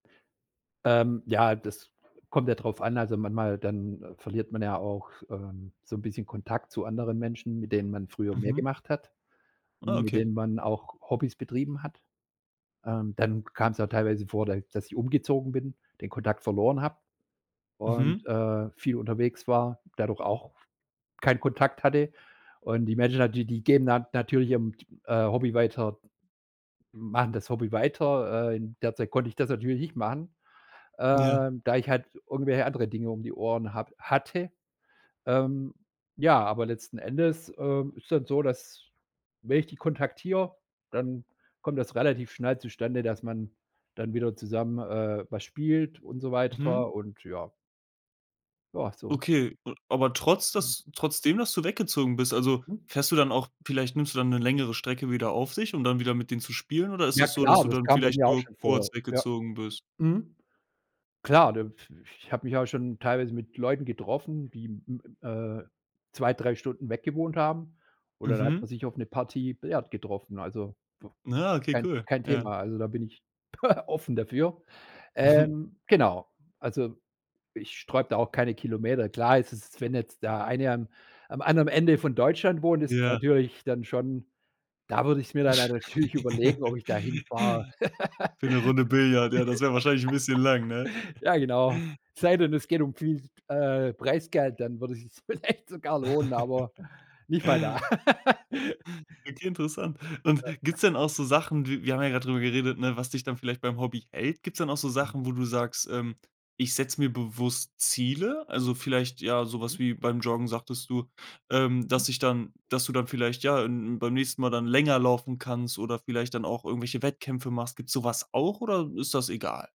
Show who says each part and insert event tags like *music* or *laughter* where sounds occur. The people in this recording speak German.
Speaker 1: Ähm, ja, das kommt ja drauf an. Also, manchmal dann verliert man ja auch, ähm, so 'n bisschen Kontakt zu anderen Menschen, mit denen man früher mehr
Speaker 2: Mhm.
Speaker 1: gemacht hat,
Speaker 2: Oh,
Speaker 1: mit
Speaker 2: okay.
Speaker 1: denen man auch Hobbys betrieben hat. Ähm, dann kam's auch teilweise vor, d dass ich umgezogen bin, den Kontakt verloren habe und,
Speaker 2: Mhm.
Speaker 1: äh, viel unterwegs war, dadurch auch keinen Kontakt hatte. Und die Menschen dann die die gehen dann natürlich ihrem, t äh, Hobby weiter machen das Hobby weiter, äh, in der Zeit konnte ich das natürlich nicht machen,
Speaker 2: Ja.
Speaker 1: ähm, da ich halt irgendwelche andere Dinge um die Ohren habe hatte. Ähm, ja, aber letzten Endes, ähm, ist dann so, dass, wenn ich die kontaktiere, dann kommt das relativ schnell zustande, dass man dann wieder zusammen, äh, was spielt und so
Speaker 2: Mhm.
Speaker 1: weiter und ja. Ja, so.
Speaker 2: Okay, a aber trotz
Speaker 1: Mhm.
Speaker 2: dass trotz dem, dass du weggezogen bist also,
Speaker 1: Hm.
Speaker 2: fährst du dann auch vielleicht nimmst du dann 'ne längere Strecke wieder auf sich, um dann wieder mit denen zu spielen, oder ist
Speaker 1: Ja
Speaker 2: es so, dass
Speaker 1: klar,
Speaker 2: du
Speaker 1: das
Speaker 2: dann
Speaker 1: kam bei
Speaker 2: vielleicht
Speaker 1: mir auch
Speaker 2: nur
Speaker 1: schon
Speaker 2: kurz
Speaker 1: vor, ja,
Speaker 2: weggezogen bist?
Speaker 1: mhm. Klar, da i ich habe mich auch schon teilweise mit Leuten getroffen, die m äh, 2, 3 Stunden weggewohnt haben, und dann hat man
Speaker 2: Mhm.
Speaker 1: sich auf 'ne Partie Billard getroffen. Also, b
Speaker 2: Ja, okay,
Speaker 1: kein
Speaker 2: cool.
Speaker 1: kein
Speaker 2: Ja.
Speaker 1: Thema, also, da bin ich *chuckles* offen dafür,
Speaker 2: Mhm.
Speaker 1: ähm, genau, also, ich sträube da auch keine Kilometer klar, es ist wenn jetzt der eine am am anderen Ende von Deutschland wohnt, ist
Speaker 2: Ja.
Speaker 1: natürlich dann schon da würde ich es mir dann natürlich überlegen, ob
Speaker 2: *chuckles*
Speaker 1: ich da hinfahre.
Speaker 2: Für 'ne Runde Billard, ja, das wäre wahrscheinlich bisschen lang, ne?
Speaker 1: *laughs* Ja, genau. Es sei denn, es geht um viel, äh, Preisgeld, dann würde es sich vielleicht sogar lohnen, aber
Speaker 2: *chuckles*
Speaker 1: nicht mal da. *laughs*
Speaker 2: Okay, interessant. Und
Speaker 1: Ja.
Speaker 2: gibt's denn auch so Sachen wir wir haben ja grad drüber geredet, ne, was dich dann vielleicht beim Hobby hält? Gibt's denn auch so
Speaker 1: Mhm.
Speaker 2: Sachen, wo du sagst, ähm: „Ich setze mir bewusst Ziele?” Also, vielleicht, ja, so was
Speaker 1: Mhm.
Speaker 2: wie beim Joggen sagtest du, ähm,
Speaker 1: Mhm.
Speaker 2: dass sich dann dass du dann vielleicht, ja, n n beim nächsten Mal dann länger laufen kannst oder vielleicht dann auch irgendwelche Wettkämpfe machst. Gibt's so was auch oder ist das egal?